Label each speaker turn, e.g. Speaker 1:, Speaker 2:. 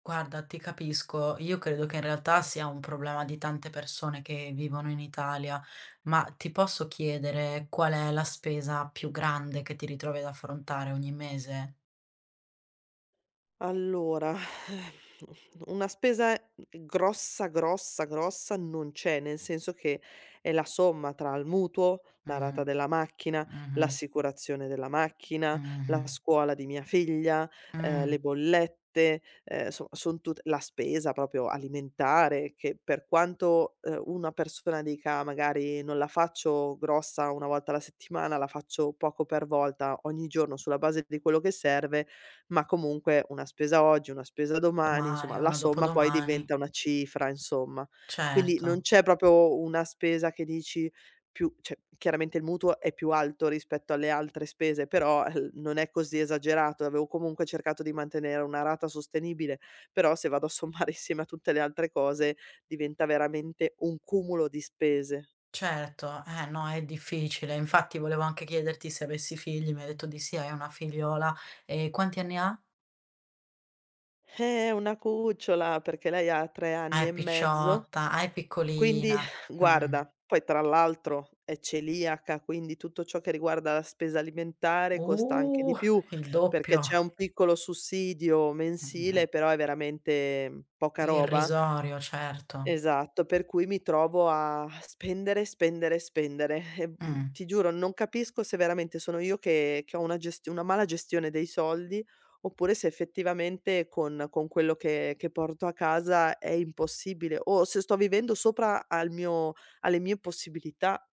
Speaker 1: Guarda, ti capisco, io credo che in realtà sia un problema di tante persone che vivono in Italia. Ma, ti posso chiedere qual è la spesa più grande che ti ritrovi ad affrontare ogni mese?
Speaker 2: Allora, mhmm, una spesa, mhmm, grossa, grossa, grossa non c'è, nel senso che è la somma tra il mutuo, la rata
Speaker 1: Mh-mh.
Speaker 2: della macchina,
Speaker 1: Mh-mh.
Speaker 2: l'assicurazione della macchina, la
Speaker 1: Mh-mh-mh.
Speaker 2: scuola di mia figlia, ehm, le
Speaker 1: Mh.
Speaker 2: bollette, ehm, soma son tute la spesa proprio alimentare, che per quanto, ehm, una persona dica, magari: "Non la faccio grossa 1 volta alla settimana, la faccio poco per volta ogni giorno sulla base di quello che serve," ma comunque una spesa oggi, una spesa domani,
Speaker 1: Domani
Speaker 2: insomma
Speaker 1: e
Speaker 2: la
Speaker 1: una
Speaker 2: somma poi
Speaker 1: dopodomani.
Speaker 2: diventa una cifra, insomma. Quindi, non
Speaker 1: Certo.
Speaker 2: c'è proprio una spesa che dici più cioè, chiaramente il mutuo è più alto rispetto alle altre spese, però el non è così esagerato e avevo comunque cercato di mantenere una rata sostenibile. Però, se vado a sommare insieme a tutte le altre cose diventa veramente un cumulo di spese.
Speaker 1: Certo. Eh, no, è difficile. Infatti, volevo anche chiederti se avessi figli, mi hai detto di sì, hai una figliola. E quanti anni ha?
Speaker 2: Eh! È una cucciola perché lei ha 3
Speaker 1: Ah,
Speaker 2: anni e
Speaker 1: è
Speaker 2: mezzo.
Speaker 1: picciotta. Ah, è
Speaker 2: Quindi
Speaker 1: piccolina. Mh-mh.
Speaker 2: guarda, poi tra l'altro è celiaca, quindi tutto ciò che riguarda la spesa alimentare costa anche
Speaker 1: Uh!
Speaker 2: di più,
Speaker 1: Il
Speaker 2: perché
Speaker 1: doppio!
Speaker 2: c'è un piccolo sussidio mensile, però è veramente, mhmm, poca roba.
Speaker 1: Irrisorio, certo.
Speaker 2: Esatto, per cui mi trovo a a spendere, spendere, spendere. Ehm, uhm,
Speaker 1: Mh-mh.
Speaker 2: ti giuro, non capisco se veramente sono io che che ho una gestio una mala gestione dei soldi, oppure se effettivamente con con quello che che porto a casa è impossibile, o se sto vivendo sopra al mio alle mio possibilità.